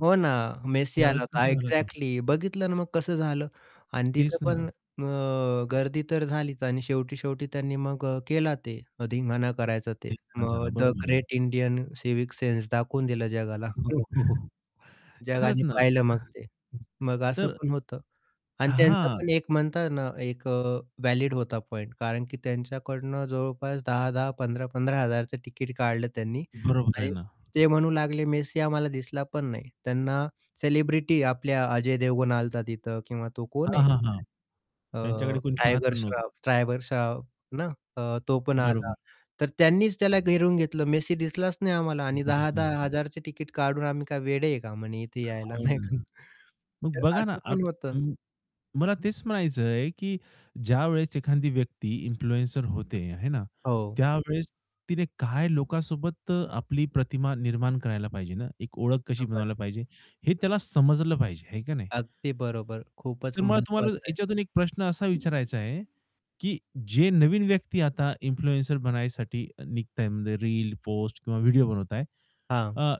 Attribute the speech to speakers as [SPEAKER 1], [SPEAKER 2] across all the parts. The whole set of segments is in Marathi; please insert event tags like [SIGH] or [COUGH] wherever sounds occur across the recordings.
[SPEAKER 1] हो, ना! मेसी आला
[SPEAKER 2] त्यावेळेस
[SPEAKER 1] होता
[SPEAKER 2] कसं झालं होत?
[SPEAKER 1] एक्झॅक्टली बघितलं ना मग कसं झालं? आणि तिथे
[SPEAKER 2] तेच
[SPEAKER 1] पण
[SPEAKER 2] ना.
[SPEAKER 1] अ गर्दी तर झालीच, आणि शेवटी शेवटी त्यांनी मग केला ते, धिंगाणा करायचा ते. मग
[SPEAKER 2] [UNINTELLIGIBLE]
[SPEAKER 1] द
[SPEAKER 2] बरोबर [UNINTELLIGIBLE]
[SPEAKER 1] ग्रेट इंडियन सिव्हिक सेन्स दाखवून दिलं जगाला. [CHUCKLES]
[SPEAKER 2] हो, हो. खरंच
[SPEAKER 1] जगाने
[SPEAKER 2] ना.
[SPEAKER 1] पाहिलं मग ते. मग
[SPEAKER 2] [CHUCKLES]
[SPEAKER 1] असं
[SPEAKER 2] तर
[SPEAKER 1] पण होतं, आणि त्यांचा
[SPEAKER 2] हां.
[SPEAKER 1] पण एक म्हणतात ना, एक व्हॅलिड होता पॉइंट. कारण की त्यांच्याकडून जवळपास 10-10, 15-15 हजारचं तिकीट काढलं त्यांनी
[SPEAKER 2] बरोबर आहे
[SPEAKER 1] आणि
[SPEAKER 2] ना.
[SPEAKER 1] ते म्हणू लागले मेस्सी आम्हाला दिसला पण नाही. त्यांना सेलिब्रिटी आपल्या अजय देवगण आलता तिथं किंवा तो कोण आहे?
[SPEAKER 2] हां, हां, हां. त्यांच्याकडे
[SPEAKER 1] अ,
[SPEAKER 2] कोणी पाहत
[SPEAKER 1] टायगर
[SPEAKER 2] पण नव्हतं.
[SPEAKER 1] श्रॉफ टायगर श्रॉफ ना? अ, तो पण आला.
[SPEAKER 2] बरोबर.
[SPEAKER 1] तर त्यांनीच त्याला घेरून घेतलं, मेसी दिसलाच नाही आम्हाला, आणि दहा
[SPEAKER 2] दिसलंच
[SPEAKER 1] दहा
[SPEAKER 2] नाही.
[SPEAKER 1] हजार चे टिकेट काढून आम्ही काय वेडे आहे का म्हणे इथे यायला,
[SPEAKER 2] हो
[SPEAKER 1] नाही का?
[SPEAKER 2] ना!
[SPEAKER 1] [CHUCKLES]
[SPEAKER 2] मग
[SPEAKER 1] तर
[SPEAKER 2] बघा ना,
[SPEAKER 1] असं पण होतं.
[SPEAKER 2] आता अं मला तेच म्हणायचं आहे, की ज्यावेळेस एखादी व्यक्ती इन्फ्लुएन्सर होते, आहे ना,
[SPEAKER 1] हो.
[SPEAKER 2] त्यावेळेस तिने काय लोकांसोबत आपली प्रतिमा निर्माण करायला पाहिजे ना, एक ओळख कशी बनवायला
[SPEAKER 1] [UNINTELLIGIBLE]
[SPEAKER 2] पाहिजे हे त्याला समजलं पाहिजे आहे का नाही?
[SPEAKER 1] अगदी बरोबर, खूपच
[SPEAKER 2] तर मला तुम्हाला
[SPEAKER 1] महत्वाचं आहे.
[SPEAKER 2] याच्यातून एक प्रश्न असा विचारायचा आहे, की जे नवीन व्यक्ती आता इन्फ्लुएन्सर बनायसाठी निघत आहेत म्हणजे रील, पोस्ट किंवा व्हिडिओ बनवत आहेत.
[SPEAKER 1] हां.
[SPEAKER 2] अ,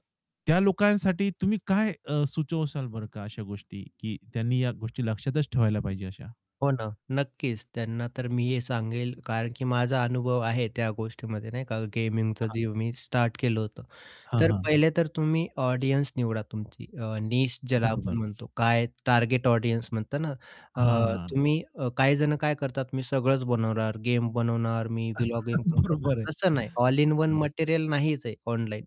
[SPEAKER 2] त्या लोकांसाठी तुम्ही काय अ, सुचवाल बरं? का अशा गोष्टी की त्यांनी या गोष्टी लक्षातच ठेवायला पाहिजे अशा.
[SPEAKER 1] हो ना, नक्कीच. त्यांना तर मी हे सांगेल, कारण की माझा अनुभव आहे त्या गोष्टीमध्ये नाही का? गेमिंगचं
[SPEAKER 2] हां.
[SPEAKER 1] जे मी स्टार्ट केलं होतं.
[SPEAKER 2] हां,
[SPEAKER 1] तर
[SPEAKER 2] हां.
[SPEAKER 1] पहिले तर तुम्ही ऑडियन्स निवडा तुमची अ, नीश ज्याला आपण
[SPEAKER 2] बरोबर.
[SPEAKER 1] म्हणतो, काय टार्गेट ऑडियन्स म्हणतात ना? अ,
[SPEAKER 2] हां.
[SPEAKER 1] तुम्ही अ, काही जणं काय करतात? मी सगळंच बनवणार, गेम बनवणार, मी व्हीलॉग पण
[SPEAKER 2] [CHUCKLES]
[SPEAKER 1] बनवणार,
[SPEAKER 2] बरोबर आहे,
[SPEAKER 1] तसं नाही ऑल इन वन
[SPEAKER 2] हं.
[SPEAKER 1] मटेरियल नाहीच आहे ऑनलाईन,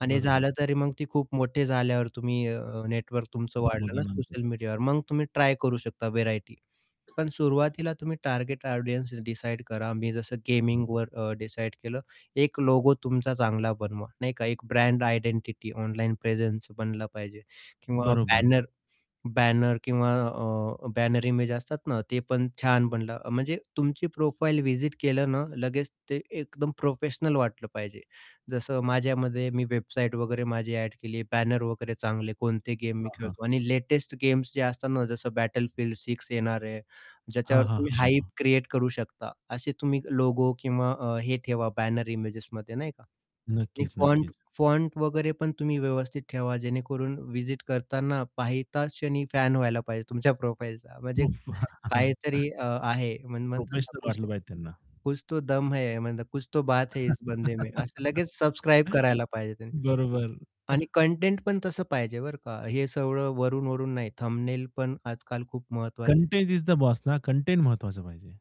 [SPEAKER 1] आणि
[SPEAKER 2] बरोबर.
[SPEAKER 1] झालं तरी मग ती खूप मोठे झाल्यावर तुम्ही अ, नेटवर्क तुमचं वाढलं ना,
[SPEAKER 2] [UNINTELLIGIBLE]
[SPEAKER 1] सोशल मीडियावर, मग तुम्ही ट्राय करू शकता व्हरायटी. पण
[SPEAKER 2] [COUGHS]
[SPEAKER 1] सुरुवातीला तुम्ही टार्गेट ऑडियन्सेस डिसाईड करा. मी जसं गेमिंगवर अ, डिसाईड केलं. एक लोगो तुमचा चांगला बनवा, नाही का? एक ब्रँड आयडेंटिटी ऑनलाईन प्रेझेन्स बनला पाहिजे, किंवा
[SPEAKER 2] बरोबर.
[SPEAKER 1] बॅनर बॅनर किंवा अ, बॅनर इमेज असतात ना, ते पण छान बनलं. म्हणजे तुमची प्रोफाइल व्हीजीट केलं ना, लगेच ते एकदम प्रोफेशनल वाटलं पाहिजे. जसं माझ्यामध्ये मी वेबसाईट वगैरे, माझी ॲड केली, बॅनर वगैरे चांगले. कोणते गेम
[SPEAKER 2] हां,
[SPEAKER 1] मी
[SPEAKER 2] हां, हां.
[SPEAKER 1] खेळतो, आणि लेटेस्ट गेम्स जे असतात ना, जसं Battlefield 6 येणार आहे.
[SPEAKER 2] हां,
[SPEAKER 1] ज्याच्यावर
[SPEAKER 2] हां,
[SPEAKER 1] तुम्ही
[SPEAKER 2] हां,
[SPEAKER 1] हाइप
[SPEAKER 2] हां.
[SPEAKER 1] क्रिएट करू शकता, असे तुम्ही लोगो किंवा अ, हे ठेवा बॅनर इमेजेसमध्ये नाही का? आणि
[SPEAKER 2] नक्कीच,
[SPEAKER 1] फॉंट
[SPEAKER 2] नक्कीच.
[SPEAKER 1] फॉंट वगैरे पण तुम्ही व्यवस्थित ठेवा, जेणेकरून व्हीजीट करतांना पाहिताच क्षणी फॅन व्हायला पाहिजे तुमच्या प्रोफाइलचा म्हणजे
[SPEAKER 2] उफ्फ!
[SPEAKER 1] काहीतरी
[SPEAKER 2] [CHUCKLES]
[SPEAKER 1] अ, आहे म्हण म्हणतात ना,
[SPEAKER 2] प्रोफेशनल
[SPEAKER 1] कुछ
[SPEAKER 2] वाटलं पाहिजे त्यांना.
[SPEAKER 1] कुछ तो दम है, कुछ तो बात है इस बंदे मे. असं लगेच सबस्क्राईब करायला पाहिजे
[SPEAKER 2] [CHUCKLES]
[SPEAKER 1] त्यांनी.
[SPEAKER 2] बरोबर.
[SPEAKER 1] आणि
[SPEAKER 2] [CHUCKLES]
[SPEAKER 1] कंटेंट पण तसं पाहिजे बरं का? हे सगळं वरून-वरून नाही. थंबनेल पण आजकाल खूप महत्वाचं
[SPEAKER 2] कंटेंट इज द बॉस ना, कंटेंट महत्वाचं पाहिजे.